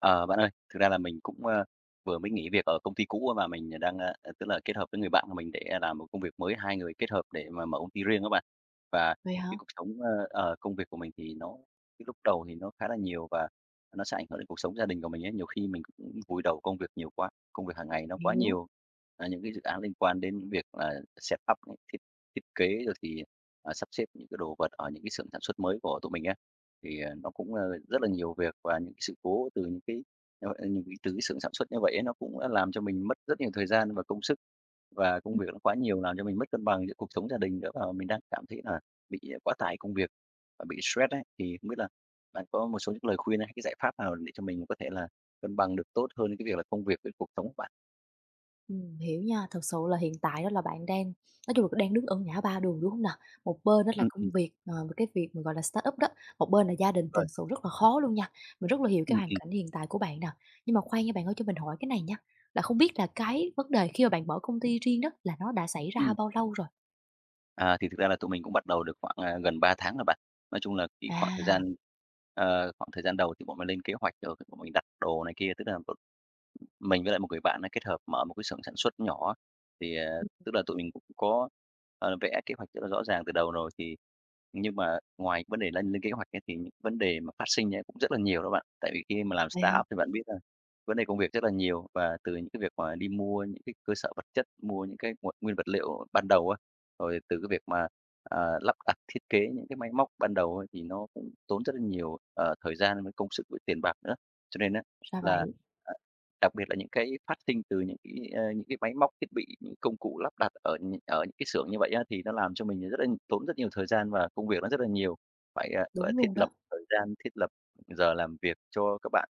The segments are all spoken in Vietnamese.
Ờ, bạn ơi, thực ra là mình cũng, ơ, vừa mới nghỉ việc ở công ty cũ, mà mình đang, ơ, ờ, tức là, kết hợp với người bạn của mình để làm một cái công việc mới, hai người kết hợp để mà mở công ty riêng á bạn. Và Vậy cái hả? cuộc sống ơ, ờ, công việc của mình thì nó cái lúc đầu thì nó khá là nhiều và nó sẽ ảnh hưởng đến cuộc sống gia đình của mình ấy. Nhiều khi mình cũng vùi đầu công việc nhiều quá, công việc hàng ngày nó quá Hiểu. nhiều. À, những cái dự án liên quan đến những việc là set up những thiết thiết kế rồi thì, à, sắp xếp những cái đồ vật ở những cái xưởng sản xuất mới của tụi mình á. Thì, à, nó cũng, a, rất là nhiều việc, và những cái sự cố từ những cái, ờ, ừ, những cái từ cái xưởng sản xuất như vậy ấy, nó cũng, a, làm cho mình mất rất nhiều thời gian và công sức. Và công Ừm. việc nó quá nhiều làm cho mình mất cân bằng giữa cuộc sống gia đình nữa, và mình đang cảm thấy là bị, à, quá tải công việc và bị stress ấy. Thì không biết là bạn có một số những lời khuyên hay cái giải pháp nào để cho mình có thể là cân bằng được tốt hơn cái việc là công việc với cuộc sống hông bạn? Ừm, hiểu nha. Thực sự là hiện tại đó, là bạn đang, nói chung là, đang đứng ở ngã ba đường, đúng hông nà? Một bên đó là Ừm, công ừm. việc, ờ, cái việc mà, gọi là, startup đó, một bên là gia đình Đúng thì rồi. thật sự rất là khó luôn nha. Mình rất là hiểu cái Ừm, hoàn ừm. cảnh hiện tại của bạn nè. Nhưng mà khoan nha, bạn ơi, cho mình hỏi cái này nha. Là không biết là cái vấn đề khi mà bạn mở công ty riêng đó là nó đã xảy ra Ừm. bao lâu rồi? À, thì thực ra là tụi mình cũng bắt đầu được khoảng, à, gần 3 tháng à bạn. Nói chung là khi khoảng thời À! gian ờ, khoảng thời gian đầu thì bọn mình lên kế hoạch rồi cái bọn mình đặt đồ này kia. Tức là một mình với lại một người bạn ấy kết hợp mở một cái xưởng sản xuất nhỏ. Thì, à, [unintelligible] tức là tụi mình cũng có, ờ, vẽ kế hoạch rất là rõ ràng từ đầu rồi, thì nhưng mà ngoài vấn đề đã lên kế hoạch ấy, thì những vấn đề mà phát sinh ấy cũng rất là nhiều đó bạn. Tại vì khi mà làm Vậy hả? startup thì bạn biết là vấn đề công việc rất là nhiều. Và từ những cái việc mà đi mua những cái cơ sở vật chất, mua những cái nguồn nguyên vật liệu ban đầu á, rồi từ cái việc mà, à, lắp đặt thiết kế những cái máy móc ban đầu á, thì nó cũng tốn rất là nhiều, ờ, thời gian, với công sức, với tiền bạc nữa. Cho nên á Ra là, vậy. ờ, đặc biệt là những cái phát sinh từ những cái, a, những cái máy móc thiết bị, những công cụ lắp đặt ở nh ở những cái xưởng như vậy á, thì nó làm cho mình rất là tốn rất nhiều thời gian và công việc nó rất là nhiều. Phải, à, gọi là, Đúng thiết luôn lập đó. thời gian, thiết lập giờ làm việc cho các bạn,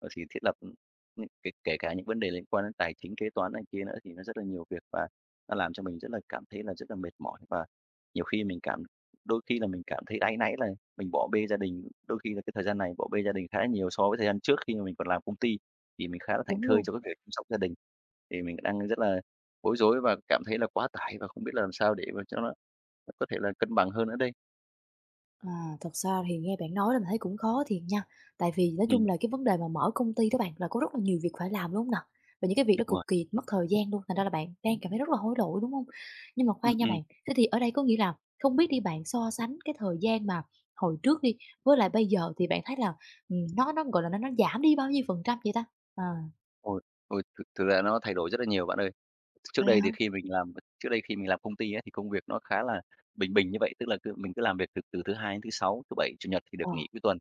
ờ, thì thiết lập, ừm, ừm, kể kể cả những vấn đề liên quan đến tài chính kế toán này kia nữa, thì nó rất là nhiều việc. Và nó làm cho mình rất là cảm thấy là rất là mệt mỏi, và nhiều khi mình cảm đôi khi là mình cảm thấy áy náy là mình bỏ bê gia đình. Đôi khi là cái thời gian này bỏ bê gia đình khá là nhiều so với thời gian trước khi mà mình còn làm công ty, thì mình khá là thảnh Đúng thơi luôn. cho cái việc chăm sóc gia đình. Thì mình đang rất là bối rối và cảm thấy là quá tải và không biết là làm sao để mà cho nó có thể là cân bằng hơn nữa đây. À, thật ra thì nghe bạn nói là mình thấy cũng khó thiệt nha. Tại vì nói chung Ừm. là cái vấn đề mà mở công ty đó bạn, là có rất là nhiều việc phải làm, đúng hông nà? Và những cái việc đó Đúng cực rồi. kỳ mất thời gian luôn, thành ra là bạn đang cảm thấy rất là hối lỗi, đúng hông? Nhưng mà Ừm, khoan nha ừm. bạn. Thế thì ở đây có nghĩa là không biết đi, bạn so sánh cái thời gian mà hồi trước đi, với lại bây giờ thì bạn thấy là, ừm, nó nó, gọi là, nó nó giảm đi bao nhiêu phần trăm vậy ta? Ờ. Ôi ôi, thực thực ra nó thay đổi rất là nhiều, bạn ơi. Tr trước Vậy đây hả? thì khi mình làm ờ, trước đây khi mình làm công ty á, thì công việc nó khá là bình bình như vậy. Tức là cứ mình cứ làm việc từ từ thứ Hai đến thứ Sáu, thứ Bảy, Chủ nhật thì được Ờ. nghỉ cuối tuần.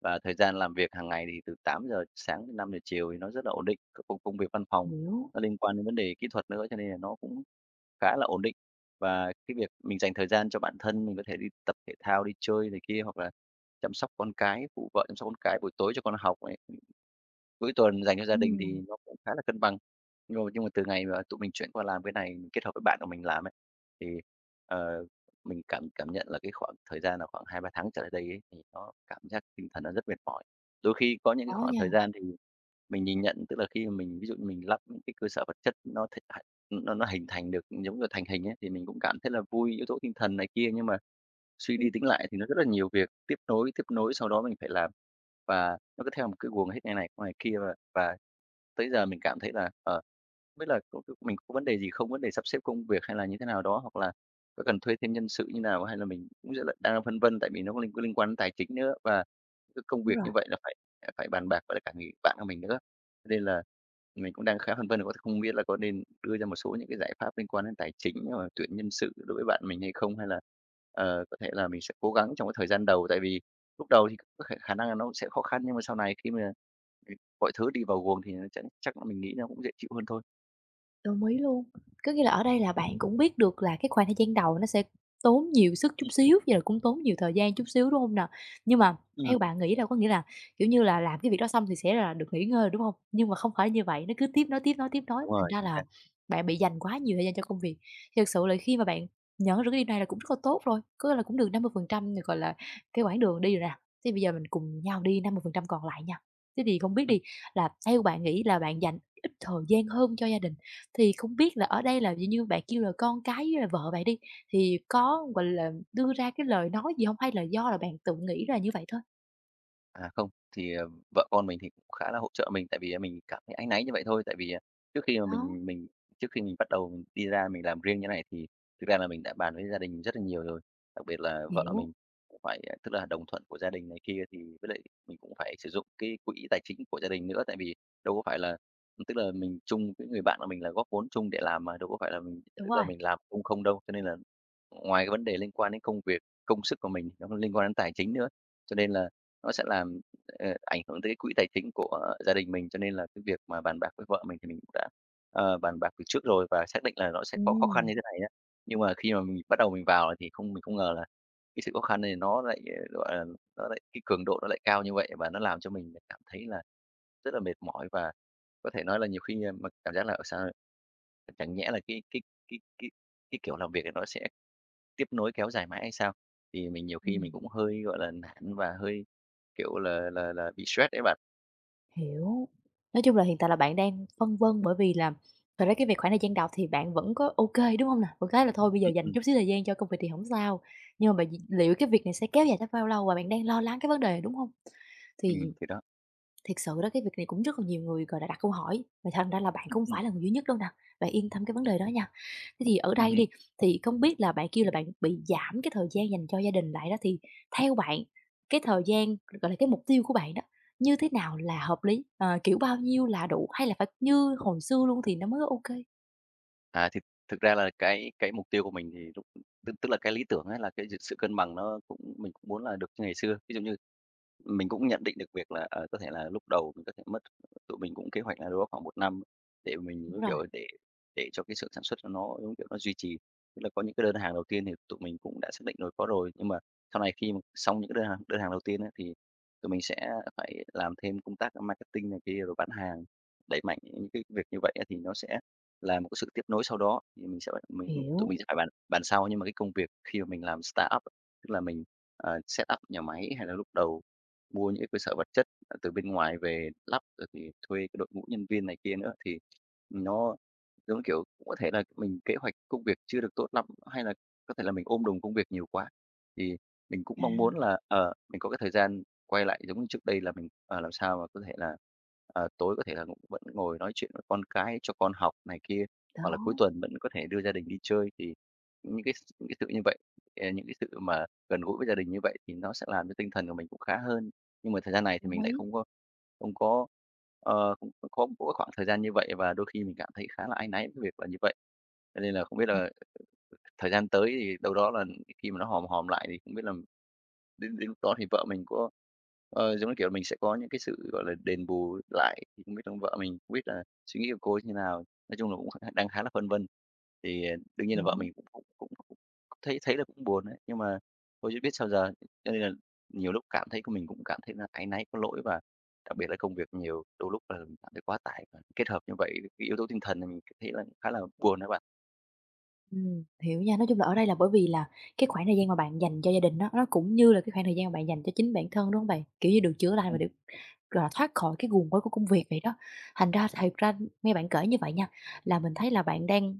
Và thời gian làm việc hàng ngày thì từ 8:00 sáng tới 5:00 chiều thì nó rất là ổn định. Công công việc văn phòng Hiểu. nó liên quan đến vấn đề kỹ thuật nữa, cho nên là nó cũng khá là ổn định. Và cái việc mình dành thời gian cho bản thân, mình có thể đi tập thể thao đi chơi này kia, hoặc là chăm sóc con cái, phụ vợ chăm sóc con cái, buổi tối cho con học này, ừm, cuối tuần dành cho gia đình Ừm. thì nó cũng khá là cân bằng. Nhưng mà nhưng mà khi mà từ ngày mà tụi mình chuyển qua làm cái này, kết hợp với bạn của mình làm ấy, thì, ờ, mình cảm cảm nhận là cái khoảng thời gian là khoảng 2-3 tháng trở lại đây ấy, thì nó cảm giác tinh thần nó rất mệt mỏi. Đôi khi có những cái Khó khoảng nha. thời gian thì, à, mình nhìn nhận, tức là khi mà mình, ví dụ như mình lắp những cái cơ sở vật chất nó thịnh h ưm, nó nó hình thành được, giống như thành hình ấy, thì mình cũng cảm thấy là vui, yếu tố tinh thần này kia. Nhưng mà suy Ừm. đi tính lại thì nó rất là nhiều việc tiếp nối, tiếp nối sau đó mình phải làm. Và nó cứ theo một cái guồng hết ngày này qua ngày kia, và và tới giờ mình cảm thấy là, ờ, hông biết là có có mình có vấn đề gì không, vấn đề sắp xếp công việc hay là như thế nào đó, hoặc là có cần thuê thêm nhân sự như nào, hay là mình cũng rất là đang phân vân, tại vì nó có liên liên quan tài chính nữa. Và cái công Đúng việc rồi. như vậy là phải, à, phải bàn bạc với lại cả người bạn của mình nữa, nên là mình cũng đang khá phân vân là [unintelligible] không biết là có nên đưa ra một số những cái giải pháp liên quan đến tài chính [unintelligible] tuyển nhân sự đối với bạn mình hay không, hay là, ờ, có thể là mình sẽ cố gắng trong cái thời gian đầu. Tại vì lúc đầu thì có khể khả năng là nó cũng sẽ khó khăn, nhưng mà sau này khi mà, ừm, mọi thứ đi vào guồng thì nó chắc chắc là mình nghĩ nó cũng dễ chịu hơn thôi. Đồng ý luôn. Có nghĩa là ở đây là bạn cũng biết được là cái khoảng thời gian đầu nó sẽ tốn nhiều sức chút Ừm. xíu, với lại cũng tốn nhiều thời gian chút xíu, đúng hông nà? Nhưng mà theo Ừm. bạn nghĩ đâu có nghĩa là, kiểu như là làm cái việc đó xong thì sẽ là được nghỉ ngơi rồi, đúng hông? Nhưng mà không phải như vậy, nó cứ tiếp nối, tiếp nối, tiếp nối. Đúng Thành rồi, ra chính là xác. bạn bị dành quá nhiều thời gian cho công việc. Thiệt sự là khi mà bạn nhận ra được cái điều này là cũng rất là tốt rồi. Có nghĩa là cũng được 50% được, gọi là, cái quãng đường đi rồi nè. Thế bây giờ mình cùng nhau đi 50% còn lại nha. Thế thì không biết Ừm. đi, là theo bạn nghĩ là bạn dành ít thời gian hơn cho gia đình, thì không biết là ở đây là, dạng như, bạn kêu là con cái với lại vợ vậy đi, thì có, gọi là, đưa ra cái lời nói gì hông? Hay là do là bạn tự nghĩ là như vậy thôi? À, không. Thì, ờ, vợ con mình thì cũng khá là hỗ trợ mình. Tại vì, a, mình cảm thấy áy náy như vậy thôi. Tại vì, à, trước khi mà Đó. mình mình trước khi mình bắt đầu mình đi ra mình làm riêng cái này, thì thực ra là mình đã bàn với gia đình rất là nhiều rồi. Đặc biệt là vợ Hiểu. mình cũng phải, à tức là đồng thuận của gia đình này kia, thì với lại mình cũng phải sử dụng cái quỹ tài chính của gia đình nữa. Tại vì đâu có phải là tức là mình chung với người bạn là mình là góp vốn chung để làm mà, đâu có phải là mình Đúng tức là rồi. mình làm công không đâu. Cho nên là ngoài cái vấn đề liên quan đến công việc, công sức của mình, nó còn liên quan đến tài chính nữa. Cho nên là nó sẽ làm, ờ, ảnh hưởng tới cái quỹ tài chính của gia đình mình. Cho nên là cái việc mà bàn bạc với vợ mình thì mình cũng đã, ờ, bàn bạc từ trước rồi, và xác định là nó sẽ có khó khăn Ừm. như thế này á. Nhưng mà khi mà mình bắt đầu mình vào thì không mình không ngờ là cái sự khó khăn này nó lại, à, gọi là, nó lại cái cường độ nó lại cao như vậy, và nó làm cho mình lại cảm thấy là rất là mệt mỏi. Và có thể nói là nhiều khi mà cảm giác là, ờ, sao chẳng nhẽ là cái cái cái cái cái kiểu làm việc là nó sẽ tiếp nối kéo dài mãi hay sao? Thì mình nhiều khi mình Ừm. cũng hơi, gọi là, nản, và hơi, kiểu, là là là bị stress ấy bạn. Hiểu, nói chung là hiện tại là bạn đang phân vân bởi vì là thật ra cái việc khoảng thời gian đó thì bạn vẫn có ô kê, đúng hông nào? Vẫn cái là thôi bây giờ Ừ, dành ừm. chút xíu thời gian cho công việc thì hổng sao, nhưng mà bạn d liệu cái việc này sẽ kéo dài tới bao lâu và bạn đang lo lắng cái vấn đề này, đúng hông? Thì Ừm, thì đó. thiệt sự đó, cái việc này cũng rất là nhiều người, gọi là, đã đặt câu hỏi, mà thành ra là bạn Ừ, cũng không ừm. phải là người duy nhất đâu nè, bạn yên tâm cái vấn đề đó nha. Thế thì ở Ừm đây hừm. đi, thì không biết là bạn kêu là bạn bị giảm cái thời gian dành cho gia đình lại đó thì theo bạn cái thời gian, gọi là, cái mục tiêu của bạn đó như thế nào là hợp lý? Ờ, kiểu bao nhiêu là đủ hay là phải như hồi xưa luôn thì nó mới có ô kê? À. Thực thực ra là cái cái mục tiêu của mình thì lúc tức tức là cái lý tưởng á là cái d sự cân bằng, nó cũng mình cũng muốn là được như ngày xưa. Ví dụ như mình cũng nhận định được việc là, ờ, có thể là lúc đầu mình có thể mất tụi mình cũng kế hoạch là đâu đó khoảng 1 năm để mình, giống Đúng rồi. kiểu, để để cho cái xưởng sản xuất cho nó, giống kiểu, nó duy trì. Tức là có những cái đơn hàng đầu tiên thì tụi mình cũng đã xác định rồi, có rồi. Nhưng mà sau này khi mà xong những cái đơn hàng đơn hàng đầu tiên á thì tụi mình sẽ phải làm thêm công tác marketing này kia rồi bán hàng, đẩy mạnh những cái việc như vậy á thì nó sẽ là một cái sự tiếp nối sau đó. Thì mình sẽ tụi mình tụi Hiểu. mình sẽ phải bàn bàn sau, nhưng mà cái công việc khi mà mình làm startup, tức là mình, à, setup nhà máy hay là lúc đầu mua những cái cơ sở vật chất, à, từ bên ngoài về lắp rồi thì thuê cái đội ngũ nhân viên này kia nữa, thì nó giống như, kiểu cũng có thể là mình kế hoạch công việc chưa được tốt lắm, hay là có thể là mình ôm đồm công việc nhiều quá. Thì mình cũng mong muốn À. là, ờ, mình có cái thời gian quay lại giống như trước đây là mình, ờ, làm sao mà có thể là, ờ, tối có thể là cũng vẫn ngồi nói chuyện với con, cái cho con học này kia, hoặc là cuối Đó. tuần vẫn có thể đưa gia đình đi chơi. Thì những cái s những cái sự như vậy ờ, những cái sự mà gần gũi với gia đình như vậy thì nó sẽ làm cho tinh thần của mình cũng khá hơn. Nhưng mà thời gian này thì Đồng mình lại ý. không có không có, ờ, không có khoảng thời gian như vậy và đôi khi mình cảm thấy khá là áy náy với việc là như vậy. Cho nên là không biết Ừm. là thời gian tới thì đâu đó là khi mà nó hòm hòm lại thì không biết là đến đến lúc đó thì vợ mình có, ờ, giống như kiểu là, mình sẽ có những cái sự, gọi là, đền bù lại thì không biết là vợ mình không biết là suy nghĩ của cô ấy như thế nào. Nói chung là cũng kh đang khá là phân vân. Thì đương nhiên là vợ Hiểu. mình cũng cũng cũng thấy thấy là cũng buồn ấy, nhưng mà thôi chứ biết sao giờ. Cho nên là nhiều lúc cảm thấy mình cũng cảm thấy là áy náy, có lỗi và đặc biệt là công việc nhiều, đôi lúc là cảm thấy quá tải và kết hợp như vậy, cái yếu tố tinh thần là mình cảm thấy là khá là buồn đó bạn. Ừm, hiểu nha. Nói chung là ở đây là, bởi vì là cái khoảng thời gian mà bạn dành cho gia đình á, nó cũng như là cái khoảng thời gian bạn dành cho chính bản thân, đúng hông bạn? Kiểu như được chữa lành và Ừm. được, gọi là, thoát khỏi cái guồng quay của công việc vậy đó. Thành ra, thiệt ra, ưm, nghe bạn kể như vậy nha, là mình thấy là bạn đang,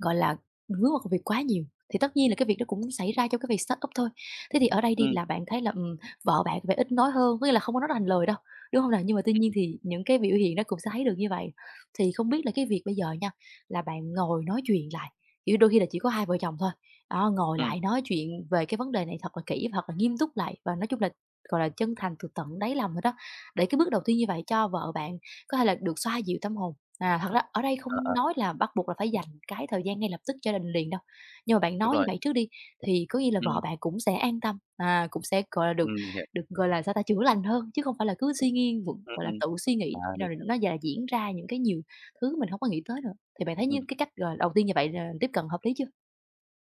gọi là, hướng vào công việc quá nhiều. Thì tất nhiên là cái việc đó cũng xảy ra cho cái việc startup thôi. Thế thì ở đây đi Ừm. là bạn thấy là, ừm, vợ bạn vẻ ít nói hơn, có nghĩa là không có nói ra thành lời đâu, đúng hông nè? Nhưng mà tuy Ừm, nhiên ừm. thì những cái biểu hiện nó cũng sẽ thấy được như vậy. Thì không biết là cái việc bây giờ nha, là bạn ngồi nói chuyện lại, kiểu như, đôi khi là chỉ có hai vợ chồng thôi, đó, ngồi Ừm. lại nói chuyện về cái vấn đề này thật là kỹ và thật là nghiêm túc lại. Và nói chung là, gọi là, chân thành từ tận đáy lòng thôi đó, để cái bước đầu tiên như vậy cho vợ bạn có thể là được xoa dịu tâm hồn. À, thật ra ở đây À, không à. nói là bắt buộc là phải dành cái thời gian ngay lập tức cho đình liền đâu. Nhưng mà bạn Đúng nói như rồi. vậy trước đi, thì có nghĩa là vợ Ừm. bạn cũng sẽ an tâm, à, cũng sẽ, gọi là, được Ừm, mình hiểu. được, gọi là, sao ta, chữa lành hơn. Chứ không phải là cứ suy nghi v Ừm, gọi là ừm. tự suy À, nghĩ mình [unintelligible] hiểu. nó [unintelligible] diễn ra những cái nhiều thứ mình hông có nghĩ tới nữa. Thì bạn thấy như Ừm. cái cách, gọi, đầu tiên như vậy là tiếp cận hợp lý chưa?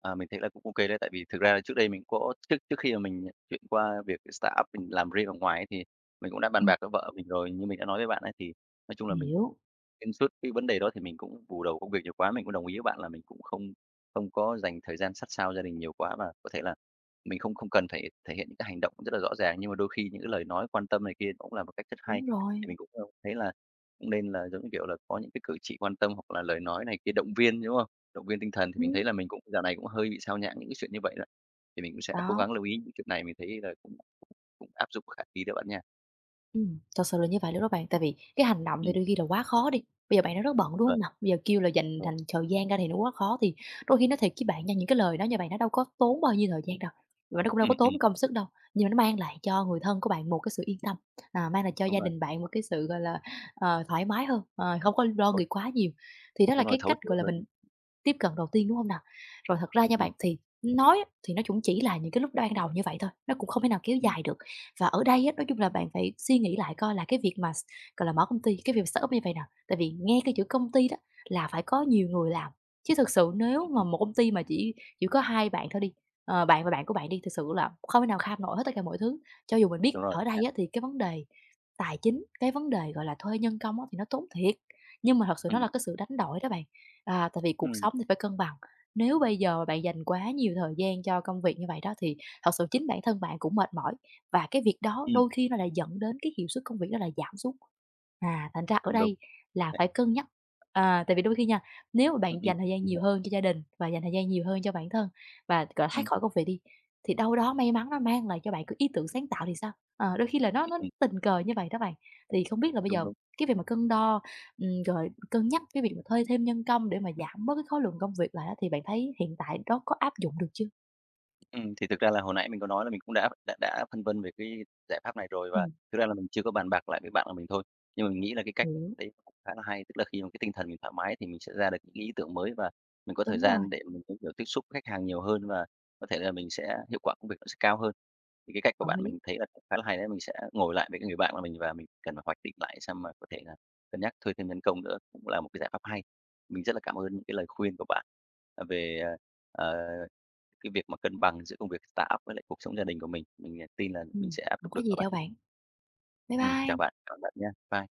À, mình thấy là cũng OK đấy. Tại vì thực ra là trước đây mình có trước trước khi mà mình chuyển qua việc startup mình làm riêng ở ngoài ấy, thì mình cũng đã bàn Ừm. bạc với vợ mình rồi. Như mình đã nói với bạn ấy, thì nói chung là mình Hiểu. xuyên suốt cái vấn đề đó thì mình cũng bù đầu công việc nhiều quá. Mình cũng đồng ý với bạn là mình cũng không không có dành thời gian sát sao gia đình nhiều quá. Và có thể là mình không không cần phải thể hiện những cái hành động rất là rõ ràng, nhưng mà đôi khi những cái lời nói quan tâm này kia cũng là một cách rất hay, Đúng thì rồi. mình cũng, ơ, thấy là cũng nên là giống như, kiểu, là có những cái cử chỉ quan tâm hoặc là lời nói này kia động viên, đúng không? Động viên tinh thần thì mình Ừm. thấy là mình cũng dạo này cũng hơi bị xao nhãng những cái chuyện như vậy đó. Thì mình cũng sẽ cố Đó. gắng lưu ý những chuyện này, mình thấy là cũng cũng áp dụng khả thi đó, bạn nha. Ừm, thật sự là như vậy luôn đó bạn. Tại vì cái hành động thì Ừm. đôi khi là quá khó đi, bây giờ bạn đang rất bận, đúng Vâng. hông nào? Bây giờ kêu là dành Vâng. thành thời gian ra thì nó quá khó, thì đôi khi nói thiệt với bạn nha, những cái lời nói như vậy nó đâu có tốn bao nhiêu thời gian đâu, và nó cũng đâu Ừm, có ừm. tốn công sức đâu. Nhưng mà nó mang lại cho người thân của bạn một cái sự yên tâm, à, mang lại cho Đúng gia rồi. đình bạn một cái sự, gọi là, ờ, thoải mái hơn, ờ, hông có lo [unintelligible] nghĩ quá nhiều. Thì đó là Đúng rồi, cái thấu cách, hiểu gọi là, mình hơn. tiếp cận đầu tiên, đúng hông nào? Rồi thật ra Ừm, nha ừm. bạn, thì nói á, thì nó cũng chỉ là những cái lúc ban đầu như vậy thôi, nó cũng không thể nào kéo Ừm. dài được. Và ở đây á, nói chung là bạn phải suy nghĩ lại coi là cái việc mà s gọi là, mở công ty, cái việc mà startup như vầy nè. Tại vì nghe cái chữ công ty đó là phải có nhiều người làm. Chứ thực sự nếu Ừm, mà ừm một công ty mà chỉ chỉ có 2 bạn thôi đi, ờ, bạn và bạn của bạn đi, thực sự là không thể nào kham nổi hết tất cả mọi thứ. Cho dù mình biết Đúng rồi ở nha. đây á, thì cái vấn đề tài chính, cái vấn đề, gọi là, thuê nhân công á, thì nó tốn thiệt. Nhưng mà thật sự nó là Ừm. cái sự đánh đổi đó bạn. À, tại vì cuộc Ừm. sống thì phải cân bằng, nếu bây giờ bạn dành quá nhiều thời gian cho công việc như vậy đó, thì thật sự chính bản thân bạn cũng mệt mỏi, và cái việc đó Ừm. đôi khi nó lại dẫn đến cái hiệu suất công việc đó là giảm xuống. À, thành ra ở Đúng đúng, đây có là thể. phải cân nhắc. À, tại vì đôi khi nha, nếu mà Ừm, bạn ừm. dành thời gian Mình nhiều hiểu. hơn cho gia đình và dành thời gian nhiều hơn cho bản thân và gọi thoát Ừm. khỏi công việc đi, thì đâu đó may mắn nó mang lại cho bạn có ý tưởng sáng tạo thì sao? Ờ, đôi khi là nó Ừm, nó ừm. tình cờ như vậy đó bạn. Thì không biết là bây Đúng, giờ đúng. cái việc mà cân đo, ừm, rồi cân nhắc cái việc mà thuê thêm nhân công để mà giảm bớt cái khối lượng công việc lại á, thì bạn thấy hiện tại nó có áp dụng được chưa? Ừm, thì thực ra là hồi nãy mình có nói là mình cũng đã đã đã phân vân về cái giải pháp này rồi, và Ừm. thực ra là mình chưa có bàn bạc lại với bạn của mình thôi. Nhưng mà mình nghĩ là cái cách Hiểu. đấy cũng khá là hay. Tức là khi mà cái tinh thần mình thoải mái thì mình sẽ ra được những ý tưởng mới, và mình có thời Đúng rồi. gian để mình có thể tiếp xúc với khách hàng nhiều hơn, và có thể là mình sẽ hiệu quả công việc nó sẽ cao hơn. Thì cái cách của Đồng bạn ý. mình thấy là khá là hay đấy, mình sẽ ngồi lại với cái người bạn mà mình và mình cần phải hoạch định lại xem là có thể là cân nhắc thuê thêm nhân công nữa, cũng là một cái giải pháp hay. Mình rất là cảm ơn những cái lời khuyên của bạn, à, về, ờ, ờ, cái việc mà cân bằng giữa công việc startup với lại cuộc sống gia đình của mình. Mình tin là mình Ừm. sẽ áp Hổng dụng được có đó gì bạn. đâu bạn. Bye Ừm, chào bye. bạn. Cảm bạn nha. Bye.